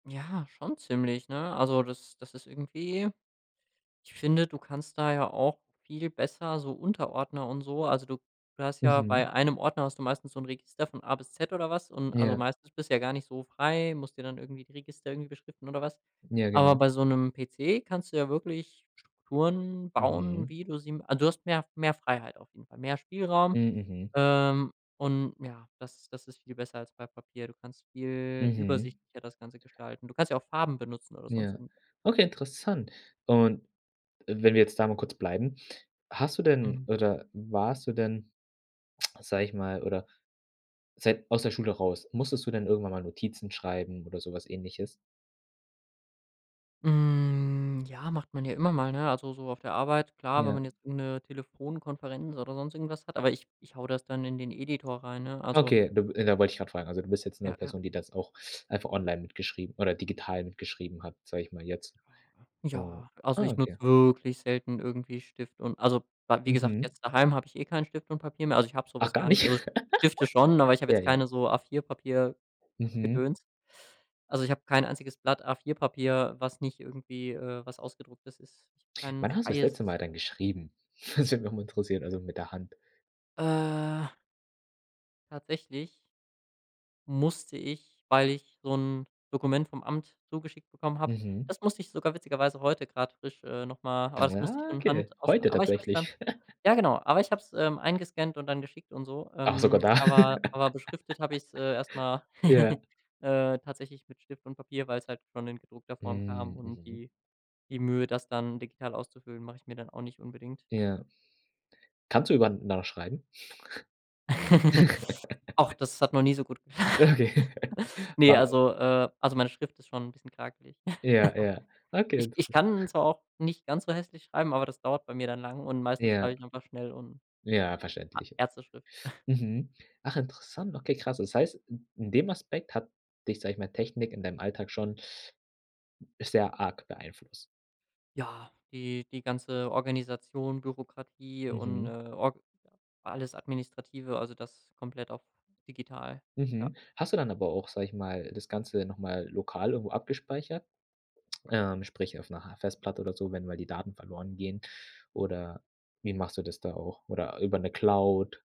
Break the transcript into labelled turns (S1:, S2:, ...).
S1: Ja, schon ziemlich, ne? Also, das das ist irgendwie ich finde, du kannst da ja auch viel besser so Unterordner und so also du du hast ja bei
S2: Mhm.
S1: einem Ordner hast du meistens so 'n Register von A bis Z oder was und also,
S2: Ja.
S1: meistens bist ja gar nicht so frei, musst dir dann irgendwie die Register irgendwie beschriften oder was.
S2: Ja,
S1: Aber
S2: genau.
S1: bei so 'nem PC kannst du ja wirklich Strukturen bauen,
S2: Mhm.
S1: wie du sie m also du hast mehr mehr Freiheit auf jeden Fall, mehr Spielraum,
S2: Hm, mhm.
S1: ähm, und, ja, das das ist viel besser als bei Papier. Du kannst viel
S2: Mhm.
S1: übersichtlicher das Ganze gestalten. Du kannst ja auch Farben benutzen oder sonst
S2: Ja,
S1: irgendwas.
S2: okay, interessant, und wenn wir jetzt da mal kurz bleiben, hast du denn
S1: Mhm.
S2: oder warst du denn, sage ich mal oder seit aus der Schule raus, musstest du denn irgendwann mal Notizen schreiben oder so was Ähnliches?
S1: Hm, ja, macht man ja immer mal, ne, also so auf der Arbeit, klar, wenn
S2: Ja.
S1: man jetzt irgend 'ne Telefonkonferenz oder sonst irgendwas hat, aber ich ich haue das dann in den Editor rein, ne, also
S2: Okay, du b äh, da wollte ich grad fragen. Also du bist jetzt 'ne
S1: Ja, ja.
S2: Person, die das auch einfach online mitgeschrieben oder digital mitgeschrieben hat, sage ich mal jetzt und
S1: Ja. Also,
S2: ah,
S1: ich nutze
S2: okay.
S1: wirklich selten irgendwie Stift und also Bla wie gesagt,
S2: Mhm.
S1: jetzt daheim habe ich eh kein Stift und Papier mehr, also ich habe so
S2: Ach,
S1: was
S2: gar
S1: gar
S2: nicht.
S1: nicht. Also, Stifte schon, aber ich habe
S2: Ja,
S1: jetzt
S2: ja.
S1: keine so A4-Papier-Gedöns.
S2: Mhm.
S1: Also, ich habe kein einziges Blatt A4-Papier, was nicht irgendwie, äh, was ausgedrucktes ist. Ich habe kein
S2: Wann hast du das
S1: freies
S2: letzte Mal dann geschrieben? Das würde mich auch mal interessieren, also mit der Hand.
S1: Äh Tatsächlich musste ich, weil ich so 'n Dokument vom Amt zugeschickt bekommen habe
S2: Mhm.
S1: das musste ich sogar witzigerweise heute grad frisch, äh, noch mal aber das musste ich
S2: Ja,
S1: von Hand
S2: okay,
S1: ausfüllen,
S2: heute
S1: aber ich habe es dann
S2: tatsächlich.
S1: ja genau, aber ich habe es, ähm, eingescannt und dann geschickt und so,
S2: Ach, sogar
S1: ähm,
S2: da.
S1: aber aber beschriftet habe ich es, äh, erst mal,
S2: Ja.
S1: äh, tatsächlich mit Stift und Papier, weil's halt schon in gedruckter Form kam
S2: Hm,
S1: und
S2: mhm.
S1: die die Mühe, das dann digital auszufüllen, mache ich mir dann auch nicht unbedingt.
S2: Ja. Kannst du [unintelligible] noch schreiben?
S1: Ach, das hat noch nie so gut ge
S2: Okay.
S1: ne,
S2: Wa
S1: also, äh also meine Schrift ist schon 'n bisschen krakelig.
S2: Ja, ja. Okay,
S1: Ich ich
S2: interes
S1: kann zwar auch nicht ganz so hässlich schreiben, aber das dauert bei mir dann lang und meistens schreibe
S2: Ja.
S1: ich einfach schnell und
S2: Ja,
S1: A
S2: verständlich.
S1: Ärzteschrift.
S2: Mhm. Ach, interessant. Okay, krass. Das heißt, i in dem Aspekt hat dich, sage ich mal, Technik in deinem Alltag schon sehr arg beeinflusst.
S1: Ja, die die ganze Organisation, Bürokratie und, äh,
S2: Mhm.
S1: org alles Administrative, also das komplett auch digital. Ja.
S2: Mhm. Hast du dann aber auch, sage ich mal, das Ganze noch mal lokal irgendwo abgespeichert, ähm, sprich auf 'ner ha Festplatte oder so, wenn mal die Daten verloren gehen oder wie machst du das da auch oder über 'ne Cloud?